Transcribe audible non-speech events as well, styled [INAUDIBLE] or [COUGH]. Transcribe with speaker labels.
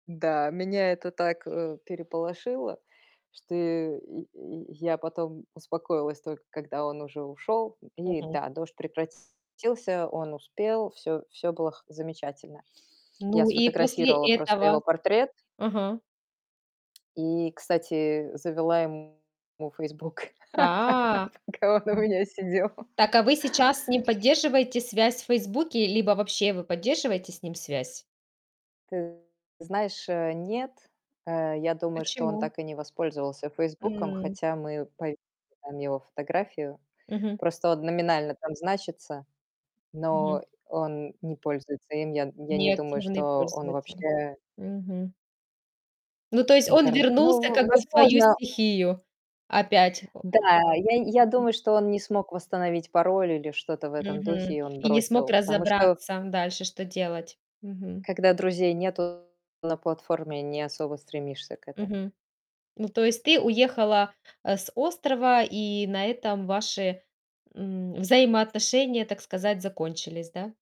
Speaker 1: Да, меня это так, э, переполошило, что и и я потом успокоилась, только когда он уже ушёл. И
Speaker 2: Мгм.
Speaker 1: да, дождь прекратился. Он успел. Всё всё было х замечательно. Я
Speaker 2: Ну и после
Speaker 1: сфотографировала просто
Speaker 2: этого?
Speaker 1: его портрет.
Speaker 2: Ага.
Speaker 1: И, кстати, завела ему Фейсбук,
Speaker 2: А.
Speaker 1: [LAUGHS] пока он у меня сидел.
Speaker 2: Так, а вы сейчас с ним поддерживаете связь в "Фейсбуке"? Либо вообще вы поддерживаете с ним связь?
Speaker 1: Ты знаешь, э, нет. Э, я думаю, что он
Speaker 2: Почему?
Speaker 1: так и не воспользовался "Фейсбуком",
Speaker 2: М.
Speaker 1: хотя мы пов там его фотографию.
Speaker 2: Мгм.
Speaker 1: Просто он номинально там значится,
Speaker 2: Мгм.
Speaker 1: но он не пользуется им. Я н я не думаю,
Speaker 2: Неактивный
Speaker 1: что он
Speaker 2: пользователь.
Speaker 1: вообще
Speaker 2: Мгм. Ну, то есть он
Speaker 1: интерн ну,
Speaker 2: вернулся,
Speaker 1: в
Speaker 2: как бы, в свою
Speaker 1: возможно
Speaker 2: стихию. Опять. О
Speaker 1: Да, я я
Speaker 2: Мгм.
Speaker 1: думаю, что он не смог восстановить пароль или что-то в этом духе,
Speaker 2: Мгм,
Speaker 1: и он
Speaker 2: и не смог
Speaker 1: бросил, потому что
Speaker 2: разобраться дальше, что делать. Мгм.
Speaker 1: когда друзей нету на платформе, не особо стремишься к этому.
Speaker 2: Мгм. Ну то есть ты уехала, а, с острова, и на этом ваши, м, взаимоотношения, так сказать, закончились, да?